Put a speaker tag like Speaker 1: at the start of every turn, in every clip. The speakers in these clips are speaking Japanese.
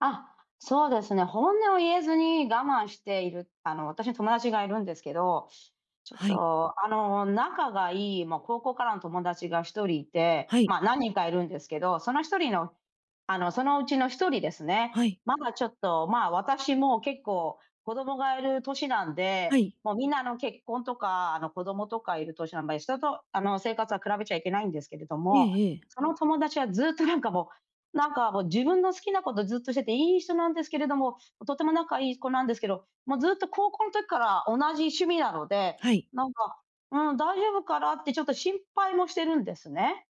Speaker 1: あ、そうですね、本音を言えずに我慢している、あの、私の友達がいるんですけど、ちょっ
Speaker 2: はい。
Speaker 1: と、あの、仲がいい、ま、高校からの友達が1人いて、
Speaker 2: はい。
Speaker 1: ま、何人かいるんですけど、その1人のあの、そのうちの1人ですね。
Speaker 2: はい。
Speaker 1: まがちょっと、ま、私も結構、子供がいる年なん
Speaker 2: は
Speaker 1: で、
Speaker 2: い。
Speaker 1: もう、皆あの、結婚とか、あの、子供とかいる年あんまり人と、あの、生活は比べちゃいけないんですけれど
Speaker 2: え
Speaker 1: も、
Speaker 2: えええ。
Speaker 1: その友達はずっと、なんかもう、なんかもう、自分の好きなことをずっとしてて、いい人なんですけれども、とても仲いい子なんですけど、もうずっと、高校の時から同じ趣味なので、
Speaker 2: はい。
Speaker 1: なんか、うん、大丈夫かなってちょっと心配もしてるんですね。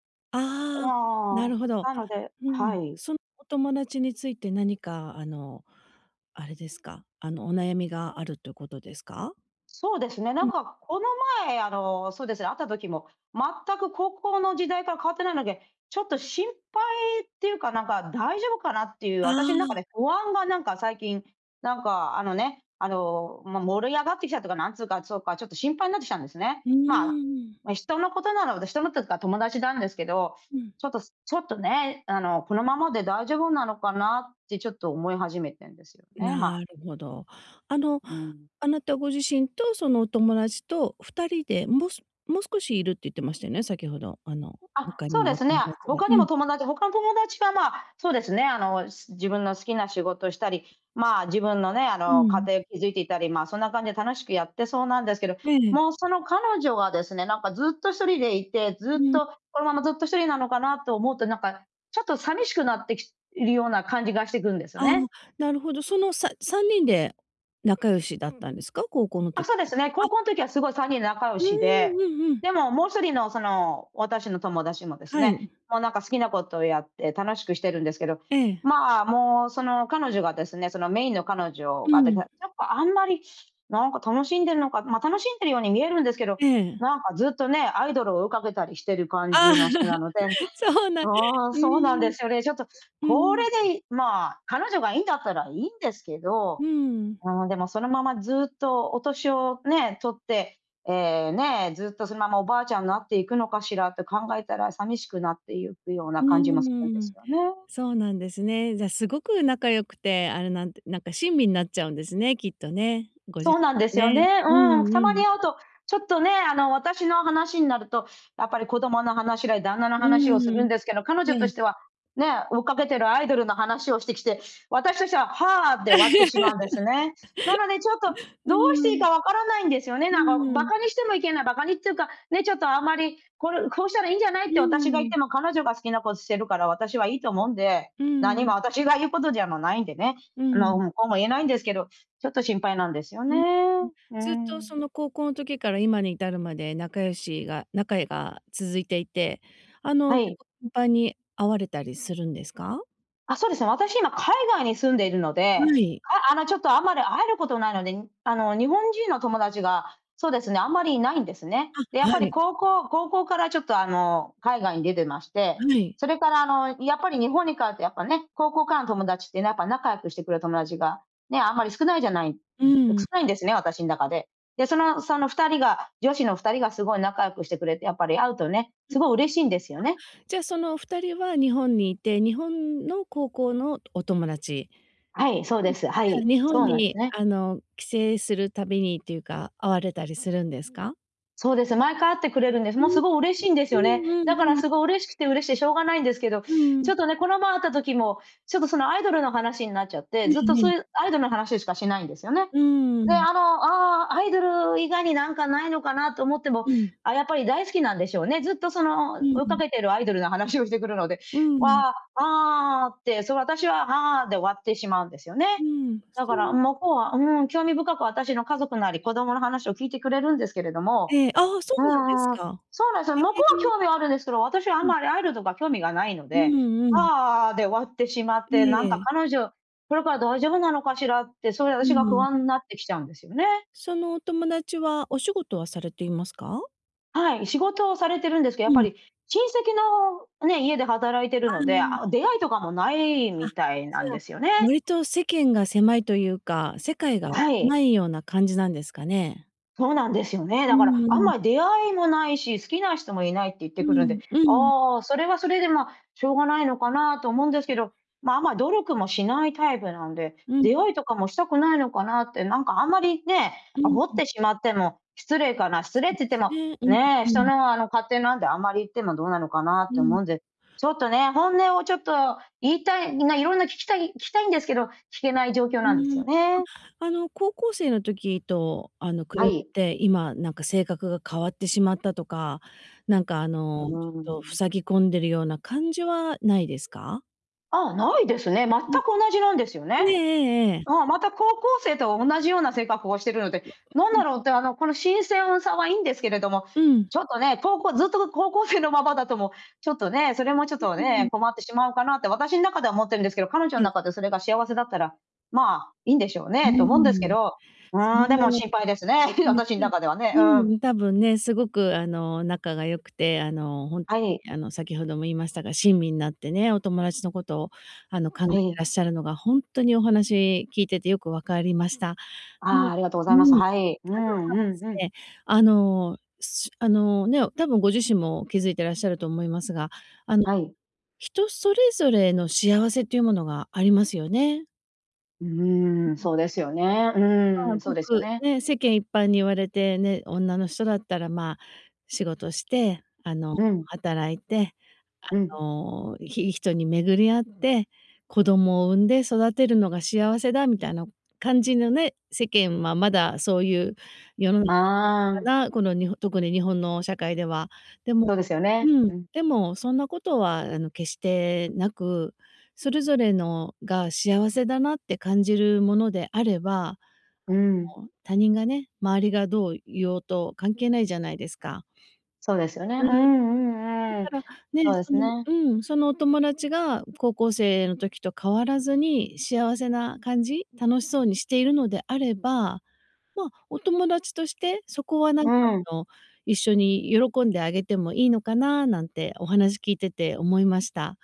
Speaker 1: う
Speaker 2: ああ、な
Speaker 1: ああ、
Speaker 2: るほど。
Speaker 1: なので
Speaker 2: う
Speaker 1: は
Speaker 2: ん。
Speaker 1: い。
Speaker 2: そのお友達について何かあの、あれですか？あの、お悩みがあるっということですか？
Speaker 1: そうですね、な
Speaker 2: う
Speaker 1: ん
Speaker 2: ん。
Speaker 1: か、この前、あの、そうですね、会った時も、全く高校の時代から変わってないので、ちょっと心配っていうか、なんか、大丈夫かなっていう
Speaker 2: あ
Speaker 1: 私ん中
Speaker 2: あ。
Speaker 1: で不安が、なんか最近、なんか、あのね、あの、ま、盛り上がってきたっていうか、なんつうか、そうか、ちょっと心配になってきたんですね。
Speaker 2: うー
Speaker 1: まあ、
Speaker 2: ん。
Speaker 1: ま、人のことなので人のっていうか友達なんですけど、
Speaker 2: うん。
Speaker 1: ちょっとすちょっとね、あの、「このままで大丈夫なのかな」ってちょっと思い始めてんですよね、ま。
Speaker 2: なるほど。あの、
Speaker 1: うん。
Speaker 2: あなたご自身と、そのお友達と2人で、もすもう少しいるって言ってましたよね、先ほど、あの、
Speaker 1: あ、
Speaker 2: 他に
Speaker 1: そう
Speaker 2: も
Speaker 1: で
Speaker 2: お
Speaker 1: すね。
Speaker 2: 友達が
Speaker 1: 他
Speaker 2: う
Speaker 1: にも
Speaker 2: ん。
Speaker 1: 友達他の友達は、ま、そうですね、あの仕自分の好きな仕事したり、ま、自分のね、あ
Speaker 2: う
Speaker 1: の、家
Speaker 2: ん。
Speaker 1: 庭築いていたり、ま、そんな感じで楽しくやってそうなんですけど、
Speaker 2: え
Speaker 1: も
Speaker 2: え。
Speaker 1: う、その彼女はですね、なんかずっと、ひとりでいて、ず
Speaker 2: う
Speaker 1: っ
Speaker 2: ん。
Speaker 1: と、このままずっと、ひとりなのかなと思うとなんか、ちょっと寂しくなってきいるような感じがしてくんですよ
Speaker 2: ああ、
Speaker 1: ね。
Speaker 2: なるほど。そのさ3人で仲良しだったんですか？高校の
Speaker 1: あ、そ
Speaker 2: 時
Speaker 1: うで
Speaker 2: か
Speaker 1: す
Speaker 2: ら、
Speaker 1: ね、
Speaker 2: あ
Speaker 1: 高校の時はすごい3人仲良
Speaker 2: うー
Speaker 1: しで、
Speaker 2: ん、うんうん。
Speaker 1: でも、もう1人のその、私の友達もです
Speaker 2: は
Speaker 1: ね、
Speaker 2: い。
Speaker 1: もうなんか、好きなことをやって楽しくしてるんですけど、
Speaker 2: ええ。
Speaker 1: ま、もう、その彼女がですね、そのメインの彼女
Speaker 2: う
Speaker 1: がでが
Speaker 2: ん。
Speaker 1: やっぱ、あんまりなんか、楽しんでるのか、ま、楽しんでるように見えるんですけど、
Speaker 2: ええ。
Speaker 1: なんかずっとね、アイドルを追いかけたりしてる感
Speaker 2: ああ、
Speaker 1: じの人なので
Speaker 2: そうなん
Speaker 1: うーん、
Speaker 2: う
Speaker 1: そうなんで
Speaker 2: ん。
Speaker 1: すよね。ちょっと
Speaker 2: う
Speaker 1: これ
Speaker 2: ん。
Speaker 1: でいまあ、彼女がいいんだったらいいんですけど、
Speaker 2: うーん。
Speaker 1: うーん、でもそのまま、ずっとお年をね、取って、え、ね、ずっとそのまま、おばあちゃんなっていくのかしらって考えたら寂しくなっていくような
Speaker 2: う
Speaker 1: 感じもするん
Speaker 2: ー
Speaker 1: です
Speaker 2: ん。
Speaker 1: よね。
Speaker 2: そうなんですね。じゃ、すごく仲良くて、あれなんてなんか、親身になっちゃうんですね、きっとね、ご自
Speaker 1: そうなん
Speaker 2: 身が
Speaker 1: ですよ
Speaker 2: ね。
Speaker 1: ね、
Speaker 2: う
Speaker 1: うん、
Speaker 2: ん
Speaker 1: た
Speaker 2: う
Speaker 1: まに
Speaker 2: ん。
Speaker 1: 会うと、ちょっとね、あの、私の話になると、やっぱり、子供の話だ、旦那の
Speaker 2: う
Speaker 1: 話をする
Speaker 2: ー
Speaker 1: ん
Speaker 2: ん、
Speaker 1: ですけど、彼女
Speaker 2: え
Speaker 1: と
Speaker 2: え。
Speaker 1: しては、ね、追っかけてるアイドルの話をしてきて、私としては、「はあ」で終わってしまうんですね。なのでちょっと、
Speaker 2: う
Speaker 1: どうして
Speaker 2: ー
Speaker 1: いい
Speaker 2: ん。
Speaker 1: かわからないんですよね、
Speaker 2: う
Speaker 1: なんか、
Speaker 2: ー
Speaker 1: バ
Speaker 2: ん。
Speaker 1: カにしてもいけないバカにっていうか、ね、ちょっとあんまり、「これ、こうしたらいいんじゃない？」っ
Speaker 2: う
Speaker 1: て私が
Speaker 2: ー
Speaker 1: 言っ
Speaker 2: ん。
Speaker 1: ても、彼女が好きなことしてるから私はいいと思うんで、
Speaker 2: うー
Speaker 1: 何
Speaker 2: ん。
Speaker 1: も私が言うことじゃもないんでね、
Speaker 2: う
Speaker 1: あ
Speaker 2: ー
Speaker 1: の、
Speaker 2: ん。
Speaker 1: うん、こうも言えないんですけど、ちょっと心配なんですよ
Speaker 2: う
Speaker 1: ね。
Speaker 2: んうん、
Speaker 1: うー
Speaker 2: ずっとそ
Speaker 1: ん。
Speaker 2: の高校の時から、今に至るまで仲良しが仲えが続いていて、あの、
Speaker 1: は
Speaker 2: 結
Speaker 1: い。
Speaker 2: 構、頻繁に会われたりするんですか？
Speaker 1: あ、そうですね、私今海外に住んでいるので、
Speaker 2: はい。
Speaker 1: ああのちょっとあまり会えることないのであの日本人の友達がそうですね、あんまりいないんですね。で、やっ
Speaker 2: あ、は
Speaker 1: ぱり
Speaker 2: い。
Speaker 1: 高校高校からちょっとあの海外に出てまして。
Speaker 2: はい。
Speaker 1: それからあのやっぱり日本に帰るとやっぱね、高校からの友達ってなんか仲良くしてくれる友達がね、あんまり少ないじゃないん、
Speaker 2: う
Speaker 1: や、少
Speaker 2: ん。
Speaker 1: ないんですね、私の中で。で、そのその2人が女子の2人がすごい仲良くしてくれて、やっぱり会うとね、
Speaker 2: うん。
Speaker 1: すごい嬉しいんですよね。
Speaker 2: あ、じゃあ、そのお二人は日本にいて、日本の高校のお友達。
Speaker 1: はい、そう
Speaker 2: う
Speaker 1: で
Speaker 2: ん。じ
Speaker 1: す、は
Speaker 2: ゃあ、
Speaker 1: い、
Speaker 2: 日本
Speaker 1: そうなんです
Speaker 2: に、
Speaker 1: ね。
Speaker 2: あの、帰省するたびにっていうか、会われたりするんですか？
Speaker 1: そうです、毎回会ってくれるんです。
Speaker 2: う
Speaker 1: もう
Speaker 2: ん
Speaker 1: す
Speaker 2: ん、
Speaker 1: ごい嬉しいんです
Speaker 2: う
Speaker 1: よ
Speaker 2: ん
Speaker 1: ね。
Speaker 2: う
Speaker 1: だから
Speaker 2: んうん。
Speaker 1: すごい嬉しくて嬉しくてしょうがないんですけど、
Speaker 2: うー
Speaker 1: ち
Speaker 2: ん。
Speaker 1: ょっとね、この前会った時もちょっとそのアイドルの話になっちゃっ
Speaker 2: え
Speaker 1: て、ずっと
Speaker 2: え
Speaker 1: そ
Speaker 2: え
Speaker 1: う
Speaker 2: え。
Speaker 1: いうアイドルの話しかしないんですよね。
Speaker 2: うー
Speaker 1: で、
Speaker 2: ん。
Speaker 1: あの、ああ、アイドル以外になんかないのかなと思っても、
Speaker 2: うん。
Speaker 1: あ、やっぱり大好きなんでしょうね。ずっとそ
Speaker 2: う
Speaker 1: の
Speaker 2: ん
Speaker 1: 追い
Speaker 2: う
Speaker 1: か
Speaker 2: ん。
Speaker 1: けてるアイドルの話をしてくるので、
Speaker 2: うん。
Speaker 1: わあ、ああって、そう。私は、はあで終わってしまうんですよね。
Speaker 2: う
Speaker 1: だから
Speaker 2: ん。
Speaker 1: 向こうは、うん、興味深く私の家族なり、子供の話を聞いてくれるんですけれども。
Speaker 2: ええ、ああ、そ
Speaker 1: うん
Speaker 2: うなんです
Speaker 1: うんうん。
Speaker 2: か。
Speaker 1: そうなんですよ。向こうは
Speaker 2: へえ。
Speaker 1: 興味はあるんですけど、私はあ
Speaker 2: う
Speaker 1: ん
Speaker 2: ん。
Speaker 1: まりアイルドが興味がないの
Speaker 2: う
Speaker 1: で、
Speaker 2: んうん。
Speaker 1: ああ、で終わってしまって、なんか
Speaker 2: ええ。
Speaker 1: 彼女これから大丈夫なのかしらって、そいで
Speaker 2: うー
Speaker 1: 私が不
Speaker 2: ん。
Speaker 1: 安になってきちゃうんですよね。
Speaker 2: そのお友達は、お仕事はされていますか？
Speaker 1: はい、仕事をされてるんですけど、やっ
Speaker 2: う
Speaker 1: ぱ
Speaker 2: ん。
Speaker 1: り、親戚のね、家で働いてる
Speaker 2: あ、
Speaker 1: の
Speaker 2: う
Speaker 1: で、
Speaker 2: ー
Speaker 1: あ、
Speaker 2: ん。
Speaker 1: 出会いとかもない
Speaker 2: あ、
Speaker 1: み
Speaker 2: じ
Speaker 1: たいなん
Speaker 2: ゃあ、
Speaker 1: ですよね。
Speaker 2: 割と世間が狭いというか、世界が
Speaker 1: はい。
Speaker 2: 狭いような感じなんですかね？
Speaker 1: そうなんですよね。
Speaker 2: う
Speaker 1: だから
Speaker 2: んう
Speaker 1: 「あん
Speaker 2: ん。
Speaker 1: まり出会いもないし、好きな人もいない」って言って
Speaker 2: う
Speaker 1: くるんで、
Speaker 2: んうん。
Speaker 1: ああ、それはそれで、ま、しょうがないのかなと
Speaker 2: うん
Speaker 1: 思うんです
Speaker 2: うん。
Speaker 1: けど。ま、あんま努力もしないタイプなんで、
Speaker 2: うん。
Speaker 1: 出会いとかもしたくないのかなって、なんか、あんまり、ね、
Speaker 2: うん
Speaker 1: 煽っ
Speaker 2: うん。
Speaker 1: てしまっても失礼かな失礼っ
Speaker 2: そ
Speaker 1: て
Speaker 2: うで
Speaker 1: 言って
Speaker 2: す
Speaker 1: も、
Speaker 2: ね。う
Speaker 1: ね、
Speaker 2: んう
Speaker 1: 人
Speaker 2: ん。
Speaker 1: の、あの、勝手なんであんまり言ってもどうなのかなっ
Speaker 2: う
Speaker 1: て思
Speaker 2: ん。
Speaker 1: うんで。ちょっとね、本音をちょっと言いたい、みんないろんな聞きたい聞きたいんですけど、聞けない状況
Speaker 2: う
Speaker 1: なんです
Speaker 2: ー
Speaker 1: よ
Speaker 2: ん。
Speaker 1: ね。
Speaker 2: ま、あの、高校生の時と、あの、比
Speaker 1: は
Speaker 2: べ
Speaker 1: い。
Speaker 2: て今なんか性格が変わってしまったとか、なんか、あ
Speaker 1: う
Speaker 2: の、ち
Speaker 1: ー
Speaker 2: ょっと
Speaker 1: ん。
Speaker 2: 塞ぎ込んでるような感じはないですか？
Speaker 1: ああ、ないですね、全く
Speaker 2: うん。
Speaker 1: 同じなんですよ
Speaker 2: え
Speaker 1: ね。
Speaker 2: ええ。
Speaker 1: うん、また高校生と同じような性格をしてるので、
Speaker 2: う
Speaker 1: なんだ
Speaker 2: ん。
Speaker 1: ろうって、あの、この新鮮はさはいいんですけれども、
Speaker 2: うん。
Speaker 1: ちょっとね、こうこずっと、の、高校生のままだと、も、ちょっとね、それもちょっと
Speaker 2: う、う、うん。
Speaker 1: ね、困ってしまうかなって私の中では思ってるんですけど、彼女
Speaker 2: は
Speaker 1: の
Speaker 2: い。
Speaker 1: 中でそれが幸せだったら、まあ、いいんでしょう
Speaker 2: うー
Speaker 1: ね、と思うんですけ
Speaker 2: ん。
Speaker 1: ど。う
Speaker 2: そ
Speaker 1: ーん、でも心配ですね。
Speaker 2: うです
Speaker 1: 私の中では ね、
Speaker 2: う
Speaker 1: うん。
Speaker 2: ん、多分ね、すごく、あの、仲が良くて、あの、ほんと
Speaker 1: はい。
Speaker 2: に、あの、先ほども言いましたが、親身になってね、お友達のことを、あの、考え
Speaker 1: は
Speaker 2: て
Speaker 1: い。
Speaker 2: らっしゃるのがほんっとにお話聞いててよく分かりました。うん、
Speaker 1: あ、ありがとうご
Speaker 2: う
Speaker 1: ざい
Speaker 2: ん、
Speaker 1: ます。
Speaker 2: ただで
Speaker 1: はい、うーん、うん
Speaker 2: す
Speaker 1: うん。
Speaker 2: ね、あのあのね、多分ご自身も気づいてらっしゃると思いますが、あの、
Speaker 1: はい。
Speaker 2: 人それぞれの幸せっていうものがありますよね。
Speaker 1: う
Speaker 2: う
Speaker 1: ーん、
Speaker 2: んうん。
Speaker 1: そうですよね。う
Speaker 2: ま
Speaker 1: ー
Speaker 2: あ、
Speaker 1: ん。そう
Speaker 2: ご
Speaker 1: ですよ
Speaker 2: く
Speaker 1: ね。
Speaker 2: ね、世間一般に言われてね、女の人だったらまあ、仕事して、あの
Speaker 1: うん。
Speaker 2: 働いて、
Speaker 1: うん。
Speaker 2: あの、いいい人に巡り合って、子供を産んで育てるのが幸せだみたいな感じのね、世間はまだそういう世の中にあ
Speaker 1: あ
Speaker 2: る
Speaker 1: あ。
Speaker 2: のかな。この、にほ特に日本の社会では。でも
Speaker 1: そうですよね、
Speaker 2: うん。
Speaker 1: うん。
Speaker 2: でもそんなことはあの、決してなく、それぞれのが、幸せだなって感じるものであれば、あ
Speaker 1: うん。
Speaker 2: の、他人がね、周りがどう言おうと関係ないじゃないですか。
Speaker 1: そうですよね。う
Speaker 2: うん。だ
Speaker 1: んうんう
Speaker 2: か
Speaker 1: ん。
Speaker 2: ら、ね、
Speaker 1: そうで
Speaker 2: そ
Speaker 1: す
Speaker 2: の
Speaker 1: ね。
Speaker 2: うん。そのお友達が、高校生の時と変わらずに幸せな感じ。楽しそうにしているのであれば、まあ、お友達として、そこはなん
Speaker 1: う
Speaker 2: か
Speaker 1: ん。
Speaker 2: あの、一緒に喜んであげてもいいのかななんてお話聞いてて思いました。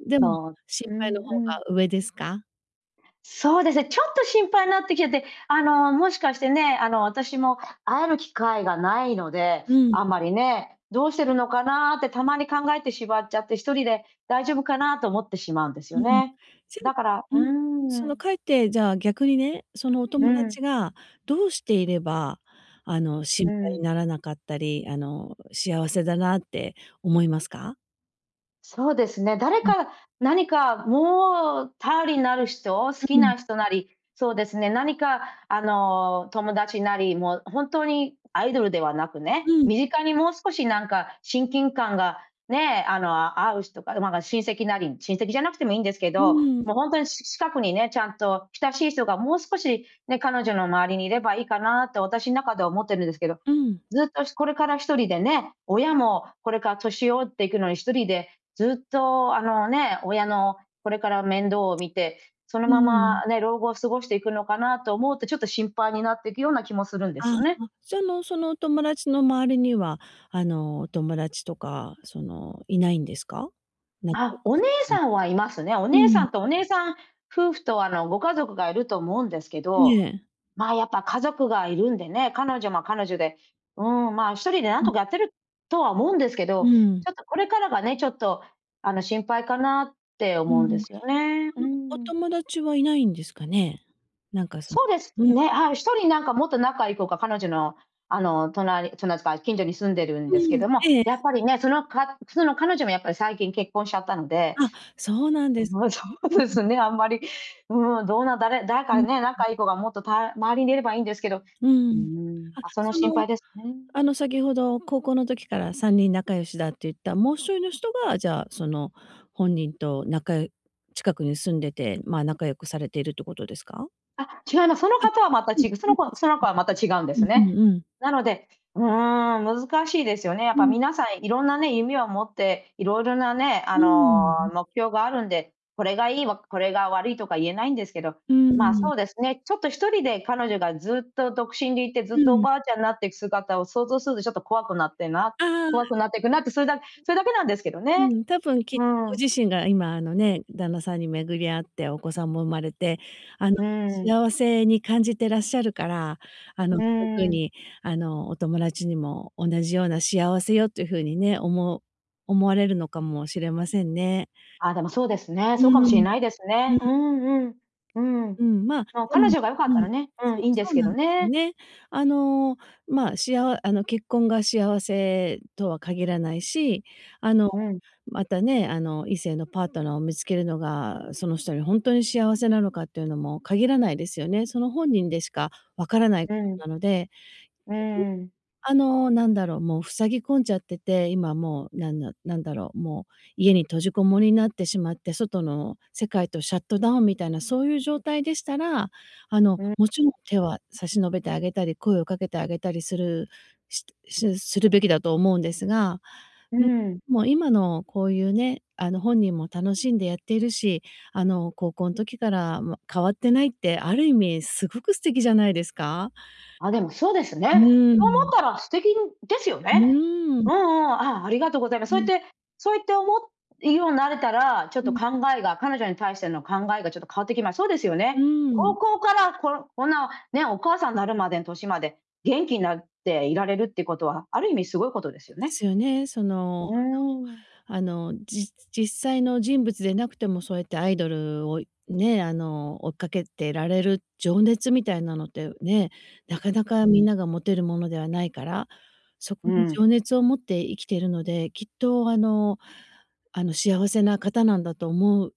Speaker 2: でも、
Speaker 1: そう、
Speaker 2: 心
Speaker 1: う
Speaker 2: 配の
Speaker 1: ん
Speaker 2: 方
Speaker 1: うん。
Speaker 2: が上ですか？
Speaker 1: そうですね、ちょっと心配になってきちゃって。あの、もしかしてね、あの、私も会える機会がないので、
Speaker 2: うん。
Speaker 1: あまりね。どうしてるのかなってたまに考えてしまっちゃって、1人で大丈夫かなと思ってしまうんですよ
Speaker 2: うん。
Speaker 1: ね。
Speaker 2: じゃ
Speaker 1: だから
Speaker 2: う
Speaker 1: う
Speaker 2: ん。その
Speaker 1: ん。
Speaker 2: かえって、じゃあ逆にね、そのお
Speaker 1: う
Speaker 2: 友
Speaker 1: ん。
Speaker 2: 達がどうしていれば、あの、心
Speaker 1: う
Speaker 2: 配に
Speaker 1: ん。
Speaker 2: ならなかったり、あの、幸せだなって思いますか？
Speaker 1: そうですね、誰
Speaker 2: うん。
Speaker 1: か何かもう頼りになる人、好き
Speaker 2: うん。
Speaker 1: な人なり、そうですね、何かあの友達なりもう本当にアイドルではなく
Speaker 2: う
Speaker 1: ね、
Speaker 2: ん。
Speaker 1: 身近にもう少しなんか親近感がね、あの合う人か、ま、なんか親戚なり、親戚じゃなくてもいいんですけ
Speaker 2: う
Speaker 1: ど、
Speaker 2: ーん。
Speaker 1: もう本当に、し近くにね、ちゃんと親しい人がもう少しね、彼女の周りにいればいいかなと私の中では思ってるんですけど、
Speaker 2: うん。
Speaker 1: ずっとしこれから1人でね、親もこれから年老いていくのに1人でずっとあのね、親のこれから面倒を見て、その
Speaker 2: うー
Speaker 1: ま
Speaker 2: ん。
Speaker 1: まね、老後を過ごしていくのかなと思うと、ちょっと心配になっていくような気もするんです
Speaker 2: あ
Speaker 1: よね。
Speaker 2: あ、じゃのそのお友達の周りには、あのお友達とかそのいないんですか？仲良
Speaker 1: あ、お
Speaker 2: く
Speaker 1: 姉
Speaker 2: してる
Speaker 1: さんはいますね。お
Speaker 2: う
Speaker 1: 姉さ
Speaker 2: ん。
Speaker 1: んとお姉さん夫婦とあのご家族がいると思うんですけ
Speaker 2: え
Speaker 1: ど、
Speaker 2: え。
Speaker 1: ま、やっぱ家族がいるんでね、彼女も彼女で、うーん、ま、1人でなん
Speaker 2: う
Speaker 1: と
Speaker 2: ん。
Speaker 1: かやってるとは思うんですけ
Speaker 2: う
Speaker 1: ど、
Speaker 2: ん。
Speaker 1: ちょっとこれからがね、ちょっと、あの心配かなって
Speaker 2: う
Speaker 1: 思う
Speaker 2: ん。
Speaker 1: んですよね。う
Speaker 2: そのお
Speaker 1: ん。
Speaker 2: 友達はいないんですかね。なんかその
Speaker 1: そうです
Speaker 2: うん。
Speaker 1: ね、ああ、1人なんかもっと仲いい子が彼女のあの隣隣つか近所に住んでるんですけ
Speaker 2: うん。
Speaker 1: ども、
Speaker 2: ええ。
Speaker 1: やっぱりね、そのかその彼女もやっぱり最近結婚しちゃったので
Speaker 2: あ、そうなんです
Speaker 1: もうそうで
Speaker 2: んんん。
Speaker 1: すね、あんまり、うん、どうなだれ誰
Speaker 2: うん
Speaker 1: かね、
Speaker 2: うん。
Speaker 1: 仲いい子がもっとた周りにいればいいんですけど、う
Speaker 2: う
Speaker 1: ー
Speaker 2: ん。
Speaker 1: ん。
Speaker 2: あ、
Speaker 1: ま、その
Speaker 2: そ
Speaker 1: 心
Speaker 2: の
Speaker 1: 配ですね。
Speaker 2: あの先ほど高校の時から3人仲良しだって言ったもう1人の人が、じゃあその本人と仲近くに住んでて、ま、仲良くされているってことですか？
Speaker 1: あ、違います。その
Speaker 2: あ、
Speaker 1: 方はまた
Speaker 2: うん。
Speaker 1: 違うその子その子はまた違
Speaker 2: [unintelligible]
Speaker 1: うんで
Speaker 2: う
Speaker 1: す
Speaker 2: んう
Speaker 1: ね。
Speaker 2: んうん。
Speaker 1: なので、うーん、難しいですよね。やっ
Speaker 2: う
Speaker 1: ぱ
Speaker 2: ん。
Speaker 1: 皆さんいろんなね、夢を持っていろいろなね、あ
Speaker 2: うーん。う
Speaker 1: の
Speaker 2: ん。
Speaker 1: 目標があるんで、これがいい、これが悪いとか言えないんですけど。
Speaker 2: うー
Speaker 1: ま、
Speaker 2: ん。
Speaker 1: そうですね、ちょっと1人で彼女がずっと独身でいてず
Speaker 2: う
Speaker 1: っとお
Speaker 2: ん。
Speaker 1: ばあちゃんになっていく姿を想像するとちょっと怖くなってな
Speaker 2: あ
Speaker 1: 怖
Speaker 2: あ。
Speaker 1: くなっていくなって、それだけそれだけなんですけど
Speaker 2: う
Speaker 1: ね。
Speaker 2: ん、多分、きっ
Speaker 1: うー
Speaker 2: ご
Speaker 1: ん。
Speaker 2: 自身が今あのね、旦那さんに巡り合ってお子さんも生まれて、あの
Speaker 1: うーん。
Speaker 2: 幸せに感じてらっしゃるから、あの
Speaker 1: うー
Speaker 2: そういう風
Speaker 1: ん。
Speaker 2: にあのお友達にも同じような幸せをっていう風にね、おも思われるのかもしれませんね。
Speaker 1: あ、でもそうですね、
Speaker 2: う
Speaker 1: そう
Speaker 2: ー
Speaker 1: かもしれ
Speaker 2: ん。
Speaker 1: ないです
Speaker 2: う
Speaker 1: ね。う
Speaker 2: ん。
Speaker 1: んうん。うん。
Speaker 2: うん。ま、
Speaker 1: ま、
Speaker 2: で
Speaker 1: 彼
Speaker 2: も
Speaker 1: 女が良かっ
Speaker 2: う
Speaker 1: た
Speaker 2: ん、
Speaker 1: らね、うん、
Speaker 2: そう
Speaker 1: いいんで
Speaker 2: そ
Speaker 1: す
Speaker 2: う
Speaker 1: け
Speaker 2: なん
Speaker 1: ど
Speaker 2: ですよ
Speaker 1: ね。
Speaker 2: ね。あの、ま、しあわあの、結婚が幸せとは限らないし、あの、
Speaker 1: うん。
Speaker 2: またね、あの異性のパートナーを見つけるのがその人にほんとに幸せなのかっていうのも限らないですよね。その本人でしか分からない
Speaker 1: う
Speaker 2: こ
Speaker 1: ん。
Speaker 2: となので、
Speaker 1: うー
Speaker 2: 逆に、
Speaker 1: ん。
Speaker 2: あの何だろう、もう塞ぎ込んじゃってて、今もうなんだなんだろう、もう家に閉じこもりになってしまって、外の世界とシャットダウンみたいなそういう状態でしたら、あの
Speaker 1: うん。
Speaker 2: もちろん手は差し伸べてあげたり、声をかけてあげたりするしするべきだと思うんですが、
Speaker 1: うー
Speaker 2: うん、
Speaker 1: ん。
Speaker 2: もう今のこういうね、あの本人も楽しんでやっているし、あの高校の時から、ま、変わってないって、ある意味すごく素敵じゃないですか？
Speaker 1: あ、でもそうです
Speaker 2: う
Speaker 1: ね。
Speaker 2: ー
Speaker 1: そう思っ
Speaker 2: ん。
Speaker 1: たら素敵ですよ
Speaker 2: う
Speaker 1: ね。
Speaker 2: ーん。
Speaker 1: うんうん。あ、ありがとうございます。そ
Speaker 2: う
Speaker 1: ういっ
Speaker 2: ん。
Speaker 1: てそういって思うようになれたら、ちょっ
Speaker 2: う
Speaker 1: と
Speaker 2: ん。
Speaker 1: 考えが彼女に対しての考えがちょっと変わってきます。そうですよ
Speaker 2: う
Speaker 1: ね。
Speaker 2: ー
Speaker 1: 高
Speaker 2: ん。
Speaker 1: 校から、こんこんなね、お母さんになるまでの年まで元気なっていられるっていうことはある意味すごいことです
Speaker 2: え、
Speaker 1: よ
Speaker 2: で
Speaker 1: ね。
Speaker 2: すよね。その
Speaker 1: うーん。
Speaker 2: あのあの、じ実際の人物でなくてもそうやってアイドルをね、あの追っかけてられる情熱みたいなのってね、なかなか
Speaker 1: う
Speaker 2: みん
Speaker 1: ん。
Speaker 2: なが持てるものではないから、そ
Speaker 1: う
Speaker 2: こに
Speaker 1: ーん。
Speaker 2: 情熱を持って生きているので、きっとあのあの幸せな方なんだと思う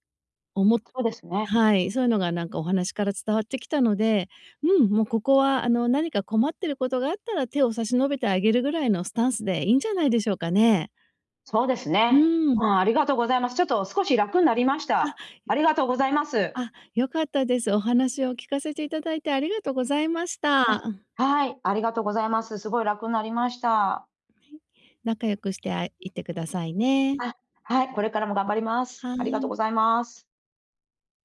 Speaker 2: 思っ
Speaker 1: そうですね。
Speaker 2: はい、そういうのがなんかお話から伝わってきたので、うん、もうここはあの何か困ってることがあったら手を差し伸べてあげるぐらいのスタンスでいいんじゃないでしょうかね。
Speaker 1: そうです
Speaker 2: う
Speaker 1: ね。
Speaker 2: ーん。
Speaker 1: うん、ありがとうございます。ちょっと少し楽になりました。ありがとうございます。
Speaker 2: あ、あ、良かったです。お話を聞かせていただいてありがとうございまし
Speaker 1: あ、
Speaker 2: た。
Speaker 1: はい、ありがとうございます。すごい楽になりました。
Speaker 2: はい。仲良くしてあいてくださいね。
Speaker 1: あ、はい、これからも頑張ります。
Speaker 2: は
Speaker 1: ありがとう
Speaker 2: い。
Speaker 1: ございます。